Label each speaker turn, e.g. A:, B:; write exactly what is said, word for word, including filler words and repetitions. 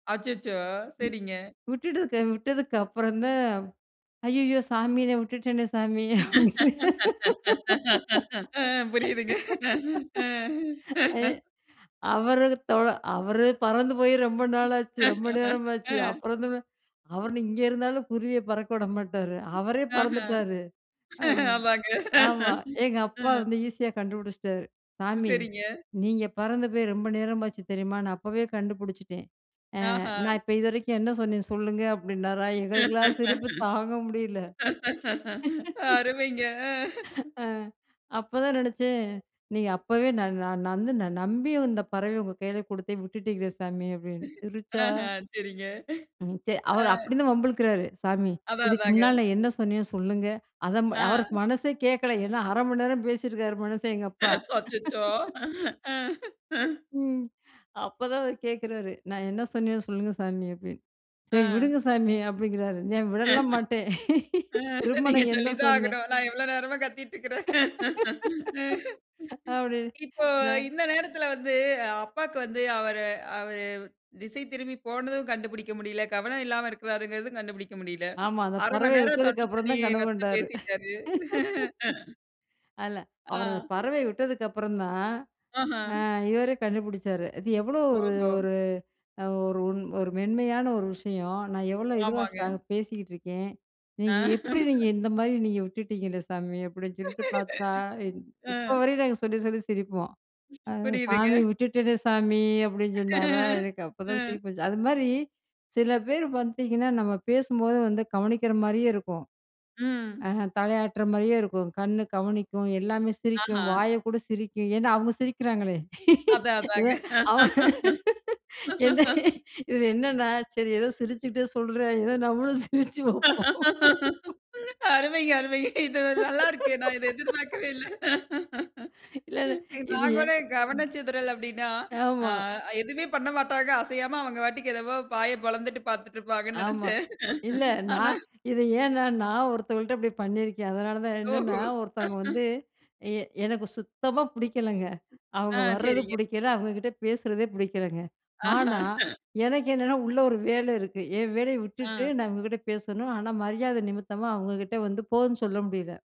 A: அச்சச்சோ!
B: ம்.
A: சரிங்க.
B: விட்டுட்டு க விட்டதுக்கு அப்புறந்தான். ஐயய்யோ! சாமி! உன்ன விட்டுட்டேன்னே சாமி!
A: ஆ, புரியுதுங்க.
B: அப் அ,
A: அ
B: அவரு தொழ அவரு பறந்து போய் ரொம்ப நாளாச்சு. ரொம்ப நேரமாச்சு.
A: அ.
B: அப்புறம் வந்து வ அவரு நீ இங்கே இருந்தாலும் குருவிய பறக்க விட மாட்டாரு! அவரே
A: ஆஹா.
B: பறந்துட்டாரு அ
A: ஆமாங்க.
B: ஆமா. எங்க அப்பா
A: அ.
B: வந்து ஈஸியா கண்டுபிடிச்சிட்டாரு. சாமி!
A: சரிங்க.
B: நீங்க பறந்து போய் ரொம்ப நேரமாச்சு தெரியுமா? நான் அப்பவே கண்டுபிடிச்சிட்டேன். ஆ
A: ஆஹா!
B: நான் இப்ப இதுவரைக்கும் என்ன சொன்னேன்? சொல்லுங்க அப்பிடின்னாரா, எங்களுக்கெல்லாம் சிரிப்பு தாங்க முடியல.
A: அருமைங்க! அ
B: அ அப்பதான் நெனைச்சேன். நீங்க அப்பவே நான், நான் நந்து நம்பி வந்து பறவைய உங்க கையில குடுத்தேன் விட்டுட்டீங்களே சாமி! அப்பிடின்னு சிரிச்சா
A: அஹ, சரிங்க.
B: ம். சரி,
A: அ.
B: அவரு அப்பிடி இருந்தும் வம்புளுக்குறாரு. சாமி!
A: அதான்,
B: இதுக்கு
A: அதாங்க.
B: முன்னால நான் என்ன சொன்னேன்? சொல்லுங்க. அதம் அவருக்கு
A: ஆ.
B: மனசே கேட்கல. ஏனா, அர மணி நேரம் பேசியிருக்கிறாரு மனுஷேன். எங்க அப்பா
A: அச்சச்சோ! அ
B: ம். அப்ப தான் அவரு கேட்குறாரு, "நான் என்ன சொன்னேன்னு சொல்லுங்க சாமி" அப்பிடின்னு. "சரி விடுங்க
A: அ.
B: சாமி!" அப்பிடிங்கிறாரு. நான்
A: அ,
B: விடலாம் மாட்டேன் திரும்ப,
A: நீங்க
B: நான் என்ன
A: சொல்லி தான்
B: சொன்னேன்?
A: ஆகணும். நான் எவ்வளோ நேரமா கத்திட்டுருக்கறேன்.
B: அப்பிடின்னு
A: இப்போ
B: அ.
A: இந்த நேரத்தில வந்து அப்பாக்கு வந்து அவர அவரு திசை திரும்பி போனதும் கண்டுபுடிக்க முடியில, கவனம் இல்லாம இருக்குறாருங்குறதும் கண்டுபுடிக்க முடியல.
B: ஆமா. அந்த
A: அரை மணி
B: பறவைய
A: நேரம்
B: விட்டதுக்கு
A: தொண்ட
B: அப்புறம்
A: தண்ணீ
B: தான் கனவு
A: வத்த
B: கண்டாரு
A: பேசிட்டாரு.
B: அதில. அவரு அந்த
A: ஆ.
B: பறவைய விட்டதுக்கு அப்பறந்தான்,
A: ஆஹா!
B: அ இவரே கண்டுபுடிச்சாரு. அது எவ்ளோ ஒரு,
A: ஓஹோ!
B: ஒரு, அ ஒரு, ஒரு மென்மையான ஒரு விஷயம், நான் எவ்ளோ இதுவா
A: ஆமாங்க.
B: ஸ்ட்ரா பேசிட்டுருக்கேன்.
A: ஆ.
B: நீங்க எப்பிடி நீங்க இந்தமாரி நீங்க விட்டுட்டீங்களே சாமி! அப்பிடின்னு சொல்லிட்டு பார்த்தா, இன்
A: அ.
B: இப்பவரையும் நாங்க சொல்லி, சொல்லி சிரிப்போம். அ "சாமி
A: புரியுதுங்க.
B: விட்டுட்டேனே சாமி!" அப்பிடின்னு சொன்னாரா! எனக்கு
A: ஆ.
B: அப்பதான் சிரிப்பு வந்துச்சு. அது மாரி சில பேர் பார்த்தீங்கன்னா, நம்ம பேசும்போது வந்து கவனிக்கிற மாரியே இருக்கும்,
A: ம்.
B: ஆ தலையாட்டுற மாரியே இருக்கும், கண் கவனிக்கும், எல்லாமே சிரிக்கும்.
A: ஆஹா!
B: வாய கூட சிரிக்கும். ஏனா, அவுங்க சிரிக்கிறாங்களே!
A: அதான்,
B: இத
A: அதாங்க
B: அவ என்ன இது என்னன்னா, சரி ஏதோ சிரிச்சிட்டே சொல்றேன், ஏதோ நம்மளும் சிரிச்சு வப்போம்.
A: அருமை, அருமைங்க! இது நல்லா இருக்கு. நான் இத எதிர்பார்க்கவே இல்ல.
B: இல்ல, இல்ல. இது
A: நான்
B: ஏன்?
A: கூட கவன சிதறல் அப்பிடின்னா, ஆ
B: ஆமா.
A: எதுமே பண்ணமாட்டாங்க அசையாம அவங்க பாட்டுக்கு என்னமோ வாய பொளந்துட்டு பார்த்துட்டு இருப்பாங்கன்னு
B: ஆமா.
A: நெனைச்சேன்.
B: இல்ல,
A: ஆனா
B: நான் இது ஏனா நான் ஒருத்தவுகள்ட்ட இப்பிடி பண்ணியிருக்கேன். அதனால தான்
A: ஓஹோ!
B: என்னன்னா, ஒருத்தவங்க வந்து எ எனக்கு சுத்தமா புடிக்கலங்க.
A: ஆ,
B: அவுங்க வர்றது
A: சரிங்க.
B: புடிக்கல, அவங்கக்கிட்ட பேசுறதே புடிக்கலங்க.
A: ஆஹா!
B: ஆனா, எனக்கு என்னன்னா உள்ள ஒரு வேல இருக்கு. என் வேலைய விட்டுட்டு
A: அ.
B: நான் இவங்கக்கிட்ட பேசணும். ஆனா மரியாத நிமித்தமா அவுங்கக்கிட்ட வந்து போன்னு சொல்ல முடியல.